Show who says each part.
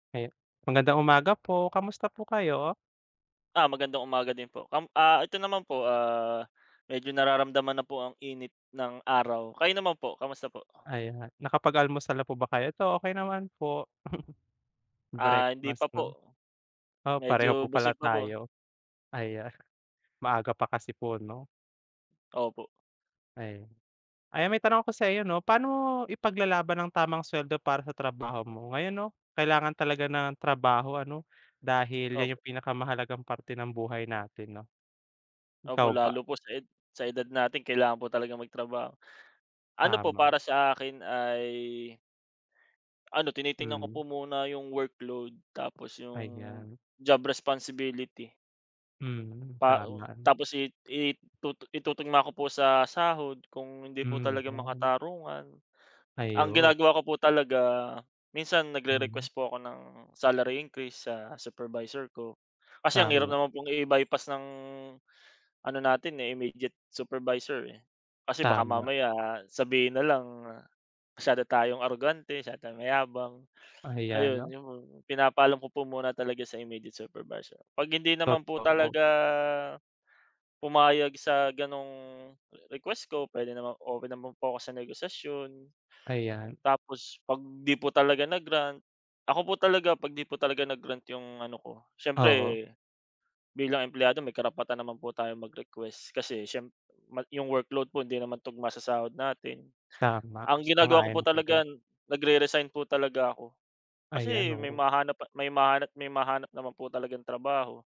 Speaker 1: Ayun, magandang umaga po, kamusta po kayo?
Speaker 2: Ah, magandang umaga din po, kam ah, ito naman po, ah, medyo nararamdaman na po ang init ng araw, kayo naman po, kamusta po?
Speaker 1: Ayan, nakapag-almusal na po ba kayo? Eto okay naman po.
Speaker 2: Ah, hindi
Speaker 1: Breakfast
Speaker 2: pa
Speaker 1: 'no,
Speaker 2: po,
Speaker 1: oh pareho
Speaker 2: medyo
Speaker 1: po pala
Speaker 2: busog pa po.
Speaker 1: tayo. Ayan, maaga pa kasi po 'no?
Speaker 2: Opo.
Speaker 1: Ayan. Ayan may tanong ako sa iyo 'no, paano mo ipaglalaban ang tamang suweldo para sa trabaho mo? Ngayon 'no kailangan talaga ng trabaho ano, dahil 'yan
Speaker 2: Opo.
Speaker 1: 'yung pinakamahalagang parte ng buhay natin 'no. Ikaw
Speaker 2: Opo
Speaker 1: ba?
Speaker 2: lalo po sa ed sa edad natin kailangan po talagang magtrabaho. Ano po
Speaker 1: Tama.
Speaker 2: para sa akin ay ano tinitingnan ko
Speaker 1: Hmm.
Speaker 2: po muna 'yung workload, tapos 'yung
Speaker 1: Ayan.
Speaker 2: job responsibility.
Speaker 1: Hmm,
Speaker 2: Pa o
Speaker 1: tama.
Speaker 2: tapos i i itutu itutugma ko po sa sahod, kung hindi po
Speaker 1: Hmm
Speaker 2: talaga
Speaker 1: ayan.
Speaker 2: makatarungan. Ang
Speaker 1: Ayun.
Speaker 2: ginagawa ko po talaga minsan
Speaker 1: Mm.
Speaker 2: nag-re-request po ako ng salary increase sa supervisor ko, kasi ang hirap
Speaker 1: Tama.
Speaker 2: naman pong i-bypass ng, ano natin, eh, immediate supervisor, eh. Kasi baka
Speaker 1: Tama.
Speaker 2: mamaya sabihin nalang masyado tayong arogante, masyado tayong mayabang,
Speaker 1: Ayan,
Speaker 2: ayun
Speaker 1: no?
Speaker 2: 'yung mga pinapaalam ko po muna talaga sa immediate supervisor, pag hindi naman po
Speaker 1: Totoo.
Speaker 2: talaga pumayag sa ganong request ko puwede namang open naman po ako sa negosasyon.
Speaker 1: Ayan.
Speaker 2: Tapos pag di po talaga na-grant, ako po talaga kapag di po talaga na-grant 'yung ano ko
Speaker 1: Oo.
Speaker 2: siyempre, bilang empleyado may karapatan naman po tayong mag-request, kasi siyem mag 'yong workload po hindi naman tugma sa sahod natin.
Speaker 1: Tama,
Speaker 2: Ang ginagawa ko po
Speaker 1: sang-ayon ako
Speaker 2: talaga,
Speaker 1: diyan.
Speaker 2: nag-re-resign po talaga ako,
Speaker 1: Ayan
Speaker 2: kasi may
Speaker 1: oo.
Speaker 2: mahanap pa may mahanap may mahanap naman po talagang trabaho.